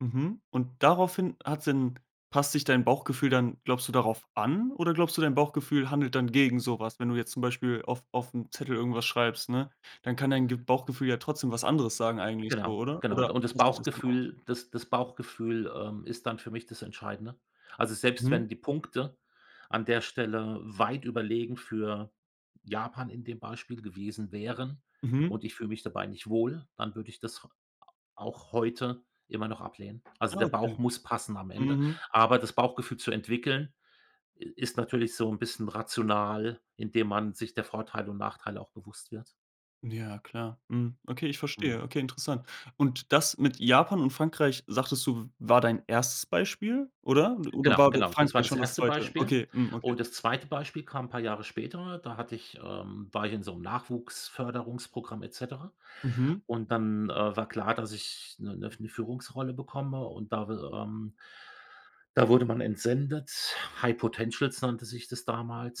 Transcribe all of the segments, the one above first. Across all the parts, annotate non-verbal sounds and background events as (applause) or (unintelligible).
Mhm, und daraufhin hat’s denn passt sich dein Bauchgefühl dann glaubst du, darauf an oder glaubst du, dein Bauchgefühl handelt dann gegen so was? Wenn du jetzt zum Beispiel auf auf ’m Zettel irgendwas schreibst, ne, dann kann dein g Bauchgefühl ja trotzdem was anderes sagen eigentlich so, Genau, oder? genau, Oder und das gleicht sich das dann aus? Bauchgefühl das das Bauchgefühl, ähm, ist dann für mich das Entscheidende. Also, selbst Mhm. wenn die Punkte an der Stelle weit überlegen für Japan in dem Beispiel gewesen wären Mhm. und ich fühle mich dabei nicht wohl, dann würde ich das h a auch heute immer noch ablehnen. Also, Ja, der Bauch okay. muss passen am Ende, Mhm. aber das Bauchgefühl zu entwickeln, äh, ist natürlich so ’n bisschen rational, indem man sich der Vorteile und Nachteile auch bewusst wird. Ja, klar. Mhm, okay, ich verstehe. Mhm. Okay, interessant. Und, das mit Japan und Frankreich, sagtest du, war dein 1. Beispiel oder? Oder Genau, war genau, das war Frankreich das schon das erste 2.? Beispiel. Okay, hm, okay. Und, das 2. Beispiel kam 'n paar Jahre später, da hatte ich, ähm war ich in so ’m Nachwuchs-Förderungsprogramm et cetera Mhm. und dann, äh, war klar, dass ich ’ne ’ne Führungsrolle bekomme und da will ähm, da wurde man entsendet, high potentials nannte sich das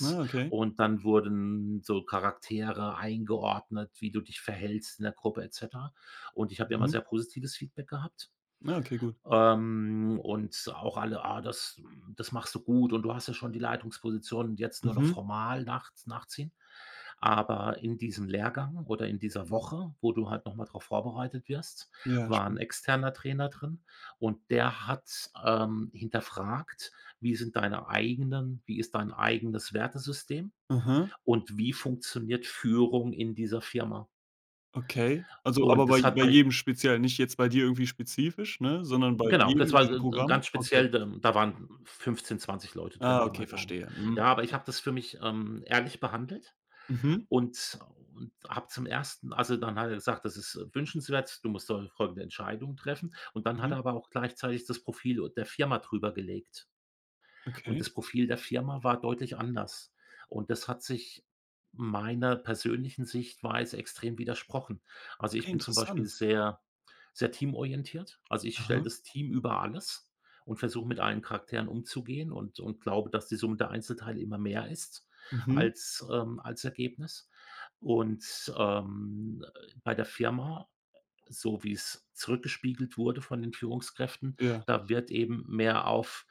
Ah, okay. und dann wurden so Charaktere eingeordnet, wie du dich verhältst in der Gruppe et cetera und ich habe ja immer Mhm. sehr positives Feedback gehabt. Ah, okay, gut. Ähm, und auch alle: „Ah, das das machst du gut und du hast ja schon die Leitungsposition und jetzt nur noch Mhm. formal nach nachziehen“, aber in diesem Lehrgang oder in dieser Woche, wo du halt noch mal drauf vorbereitet wirst, Ja, war schmi ’n externer Trainer drin und der hat, ähm, hinterfragt, wie sind deine eigenen wie ist dein eigenes Wertesystem Aha. und wie funktioniert Führung in dieser Firma. Okay. Also, aber Und bei das hat bei bei jedem speziell, nicht jetzt bei dir irgendwie spezifisch, ne? Sondern bei Genau, jedem das in war diesem (unintelligible) so 'n Programm? ganz Okay. speziell d da waren 15, 20 Leute drin, Ah, Pi okay, mal Daumen. verstehe. Mhm, Ja, aber ich okay. habe das für mich, ähm, ehrlich behandelt Mhm. und und habe zum 1. also dann hat er gesagt: „Das ist, äh, wünschenswert, du musst heu heute 'ne Entscheidung treffen“. Und, dann hat Mhm. er aber auch gleichzeitig das Profil der Firma drüber gelegt. Und, Okay. das Profil der Firma war deutlich anders. Und, das hat sich meiner persönlichen Sichtweise extrem widersprochen. Also, ich Okay, bin zum Beispiel interessant. sehr, sehr teamorientiert. Also, ich stelle Aha. das Team über alles und versuche mit allen Charakteren umzugehen und und glaube dass die Summe der Einzelteile immer mehr ist Mhm. als ähm, als Ergebnis. Und, ähm, äh, bei der Firma, äh, so wie’s zurückgespiegelt wurde von den Führungskräften, Ja. da wird eben mehr auf